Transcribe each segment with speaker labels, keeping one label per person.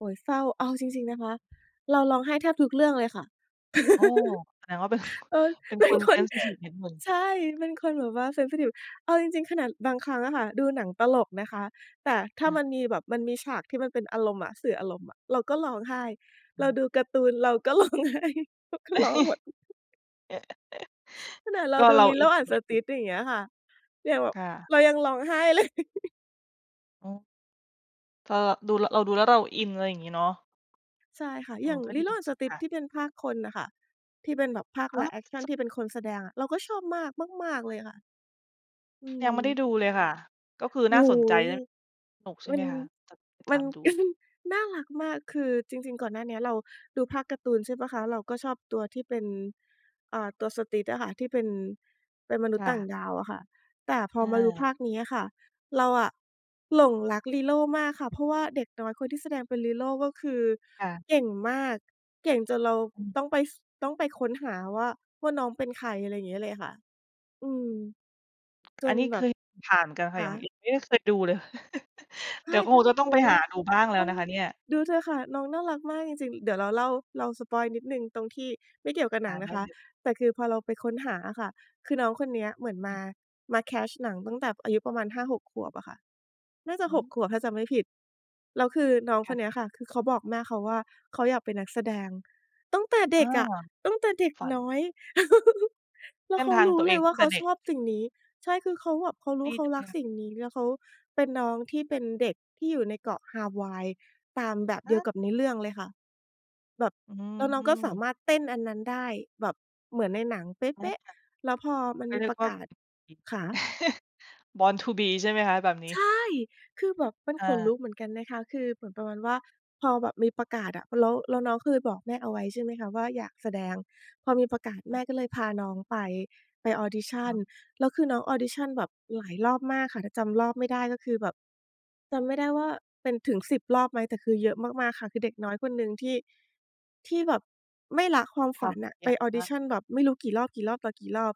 Speaker 1: โอย เศร้า เอาจริง ๆ นะคะ เราร้องไห้แทบทุกเรื่องเลยค่ะ
Speaker 2: โอ้ แสดงว่า เป็น
Speaker 1: เออ
Speaker 2: เป็น
Speaker 1: เป
Speaker 2: ค
Speaker 1: ็น
Speaker 2: น
Speaker 1: ค
Speaker 2: เซ
Speaker 1: น
Speaker 2: นซิทิฟ นิดหนึ่ง
Speaker 1: ใช่ เป็นคนแบบว่า เซนซิทิฟ เอาจริง ๆ ขนาดบางครั้งอะค่ะ ดูหนังตลกนะคะ แต่ถ้า
Speaker 2: อา
Speaker 1: มันมีแบบมันมีฉากที่มันเป็นอารมณ์อะ สื่ออารมณ์อะ เราก็ร้องไห้
Speaker 2: อ
Speaker 1: เ
Speaker 2: ื
Speaker 1: รา
Speaker 2: ม
Speaker 1: ดูการ์ตูน เราก็ ร้องไห้ เราก็ร้องหมด ำ ขนาดเรา
Speaker 2: ก็
Speaker 1: ดู
Speaker 2: เราอิ
Speaker 1: Lilo&
Speaker 2: น
Speaker 1: Stitch อย่างเงี้ยค่ะ ยังแบ
Speaker 2: ค
Speaker 1: บ
Speaker 2: ่ะ
Speaker 1: เรายังร้องไห้ เลย
Speaker 2: โอ้ ก็ ดูแล้ว เราดูแล้วเราอิน อะไรงี้เนาะ
Speaker 1: ใช่ค่ะ
Speaker 2: อ๋อ
Speaker 1: อย่าง
Speaker 2: ก็ดีจ
Speaker 1: Lilo&
Speaker 2: ริง ๆ ค่
Speaker 1: Stitch
Speaker 2: ะ
Speaker 1: ที่เป็นภาคคนน่ะค่ะ ที่เป็นแบบภาค
Speaker 2: อ๋
Speaker 1: ไล
Speaker 2: อ
Speaker 1: ฟ์แอกชัน
Speaker 2: จก
Speaker 1: ที่เป็นคนแสดงอะ เราก็ชอบมาก มาก ๆ เลยค่ะ อื
Speaker 2: ยังไม่ได้
Speaker 1: ม
Speaker 2: ดูเลยค่ะ ก็คือ
Speaker 1: โอ
Speaker 2: น่า
Speaker 1: ้
Speaker 2: ส
Speaker 1: โ
Speaker 2: นใจ
Speaker 1: ฮ!
Speaker 2: ด้วย สนุกใช่
Speaker 1: มั
Speaker 2: ไหม
Speaker 1: น
Speaker 2: คะ? จะ ไป
Speaker 1: ม
Speaker 2: ท
Speaker 1: ัน
Speaker 2: ำดู
Speaker 1: น่ารักมาก คือจริง ๆ ก่อนหน้าเนี้ย เราดูภาคการ์ตูน ใช่เปล่าคะ เราก็ชอบตัวที่เป็น อ่า ตัว Stitch อะค่ะ ที่เป็น เป็นมนุ
Speaker 2: ค
Speaker 1: ษย์
Speaker 2: ่
Speaker 1: ต่าง
Speaker 2: ะ
Speaker 1: ดาวอะค่ะ แต่พอมาดู ภ
Speaker 2: เออ
Speaker 1: าคเนี้ยค่ะ เราอะหลงรัก Lilo มากค่ะ เพราะว่าเด็กน้อยคนที่แสดงเป็น Lilo ก็คือ
Speaker 2: ค่ะ
Speaker 1: เก่งมาก เก่งจนเรา
Speaker 2: อืม
Speaker 1: ต้องไป ส ต้องไปค้นหาว่า ว่าน้องเป็นใคร อะไรอย่างเงี้ยเลยค่ะ อืม จ
Speaker 2: อัน
Speaker 1: น
Speaker 2: นี้
Speaker 1: แ
Speaker 2: เค
Speaker 1: บบ
Speaker 2: ย ผ่านเหมือนกันค่
Speaker 1: ค
Speaker 2: ะ ยั
Speaker 1: ะ?
Speaker 2: ง ยังไม่เคยดูเลย
Speaker 1: ไค
Speaker 2: เดี
Speaker 1: ้
Speaker 2: ๋ยวคงจะ
Speaker 1: โ
Speaker 2: ต
Speaker 1: อ
Speaker 2: ้อง
Speaker 1: ้
Speaker 2: ไป
Speaker 1: โ
Speaker 2: หาดูบ้างแล้
Speaker 1: ฮ น
Speaker 2: ว
Speaker 1: ้อ
Speaker 2: น
Speaker 1: ง
Speaker 2: ะคะเนี่ย
Speaker 1: ดูเถอะค่ะ น้องน่ารักมากจริง ๆ เดี๋ยวเราเล่า เราสปอยล์นิดหนึ่งตรงที่ไม่เกี่ยวกับห
Speaker 2: อ
Speaker 1: นั
Speaker 2: า
Speaker 1: ง
Speaker 2: ไ
Speaker 1: น
Speaker 2: ด
Speaker 1: ะ
Speaker 2: ้
Speaker 1: คะ
Speaker 2: เลย
Speaker 1: แต่คือพอเราไปค้นหาอะค่ะ คือน้องคนเนี้ยเหมือนม
Speaker 2: อื
Speaker 1: า
Speaker 2: ม
Speaker 1: มาแคสต์หนังตั้งแต่อายุประมาณ 5-6 ขวบอะค่ะ น่าจะ
Speaker 2: อ
Speaker 1: 6
Speaker 2: ืม
Speaker 1: ขวบถ้าจำไม่ผิด แล้วคือน้อง
Speaker 2: ค
Speaker 1: ค
Speaker 2: ่
Speaker 1: นเนี
Speaker 2: ะ
Speaker 1: ้ยค่ะ คือเขาบอกแม่เขาว่า เขาอยากเป็นนักแสดงตั้งแต่เด
Speaker 2: เอ
Speaker 1: ็
Speaker 2: อ
Speaker 1: กอะ ตั้งแต่เด็ก
Speaker 2: ฝั
Speaker 1: น
Speaker 2: น
Speaker 1: ้อย แล
Speaker 2: เส
Speaker 1: ้ว
Speaker 2: ้
Speaker 1: เ
Speaker 2: น
Speaker 1: ขา
Speaker 2: ทาง
Speaker 1: รู
Speaker 2: ต
Speaker 1: ้
Speaker 2: ัวเ
Speaker 1: เ
Speaker 2: อ
Speaker 1: ล
Speaker 2: ง
Speaker 1: ย
Speaker 2: ต
Speaker 1: ว่
Speaker 2: ั
Speaker 1: า
Speaker 2: ้ง
Speaker 1: เ
Speaker 2: แ
Speaker 1: ข
Speaker 2: ต่
Speaker 1: า
Speaker 2: เด็
Speaker 1: ช
Speaker 2: ก
Speaker 1: อบสิ่งนี้ ใช่ คือเขาแบบเขารู
Speaker 2: ด
Speaker 1: ้
Speaker 2: ี
Speaker 1: เขา
Speaker 2: จังเ
Speaker 1: ร
Speaker 2: ล
Speaker 1: ั
Speaker 2: ย
Speaker 1: ก
Speaker 2: ค่ะ
Speaker 1: สิ่งนี้ แล้วเขาเป็นน้องที่เป็นเด็กที่อยู่ในเกาะฮาวายตามแบบเ
Speaker 2: อ
Speaker 1: ดียว
Speaker 2: า
Speaker 1: กับในเรื่องเลยค่ะ แบบ
Speaker 2: อื
Speaker 1: แล้วน้องก็สา
Speaker 2: ม
Speaker 1: มารถเต้นอันนั้นได้ แบบเหมือนในหนังเป๊ะ
Speaker 2: อ
Speaker 1: ๆ
Speaker 2: า
Speaker 1: แล้วพอมันมี
Speaker 2: เขาเรียกว่า
Speaker 1: ประกาศ คะ?
Speaker 2: born to be ใช่ไหมคะแบบนี
Speaker 1: ใช
Speaker 2: ้?
Speaker 1: ่ คือแบบ เป็น
Speaker 2: อ
Speaker 1: ขนล
Speaker 2: า
Speaker 1: ุกเหมือนกันนะคะ คือเหมือนประมาณว่า พอแบบมีประกาศอะ แล้ว แล้วน้องเคย บอกแม่เอาไว้ ใช่ไหมคะ ว่าอยากแสดง พอมีประกาศแม่ก็เลยพาน้องไป ไปออดิชั
Speaker 2: อ๋
Speaker 1: ่น
Speaker 2: อ
Speaker 1: แล้วคือน้องออดิชั่นแบบหลายรอบมากค่ะ ถ้าจำรอบไม่ได้ ก็คือแบบจำไม่ได้ว่าเป็นถึง 10 รอบไหม แต่คือเยอะมาก ๆ ค่ะ คือเด็กน้อยคนหนึ่งที่ ที่แบบไม่ละความ
Speaker 2: ค
Speaker 1: ฝ
Speaker 2: วา
Speaker 1: ั
Speaker 2: ม
Speaker 1: น
Speaker 2: พ
Speaker 1: น่
Speaker 2: ย
Speaker 1: ะ
Speaker 2: า
Speaker 1: ไ
Speaker 2: ย
Speaker 1: ป
Speaker 2: าม
Speaker 1: ออ
Speaker 2: ม
Speaker 1: ดิ
Speaker 2: าก
Speaker 1: ชั่นแบบไม่รู้กี่รอบ ๆ ต่อกี่รอบ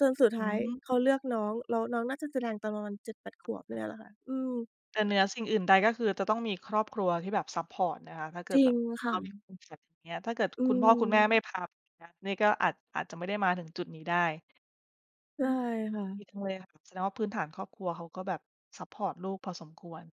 Speaker 1: จนสุด
Speaker 2: อ
Speaker 1: ท
Speaker 2: ื
Speaker 1: ้าย
Speaker 2: ม
Speaker 1: เขาเลือกน้อง แล้วน้องน่าจะแสดงตอนประมาณ 7-8 ขวบเนี่ยแหละค่ะ อืม
Speaker 2: แต่เหนือสิ่งอื่นใด ก็คือจะต้องมีครอบครัวที่แบบ ซัปพอร์ต นะคะ ถ้าเกิ
Speaker 1: จ
Speaker 2: ด
Speaker 1: ริ
Speaker 2: แบ
Speaker 1: ง
Speaker 2: บ
Speaker 1: ค
Speaker 2: เข
Speaker 1: ่
Speaker 2: ามีค
Speaker 1: ะ
Speaker 2: วามฝันอย่างเงี้ย ถ้าเกิด
Speaker 1: อื
Speaker 2: คุณพ่อคุณแม่
Speaker 1: ม
Speaker 2: ไม่พาไปนะ นี่ก็อาจ อาจจะไม่ได้มาถึงจุดนี้ได้
Speaker 1: ใช
Speaker 2: อื
Speaker 1: ่
Speaker 2: ม
Speaker 1: ค่
Speaker 2: ดี
Speaker 1: ะ
Speaker 2: จังเลยค่ะ แสดงว่าพื้นฐานครอบครัวเขาก็แบบ ซัปพอร์ต ลูกพอสมควร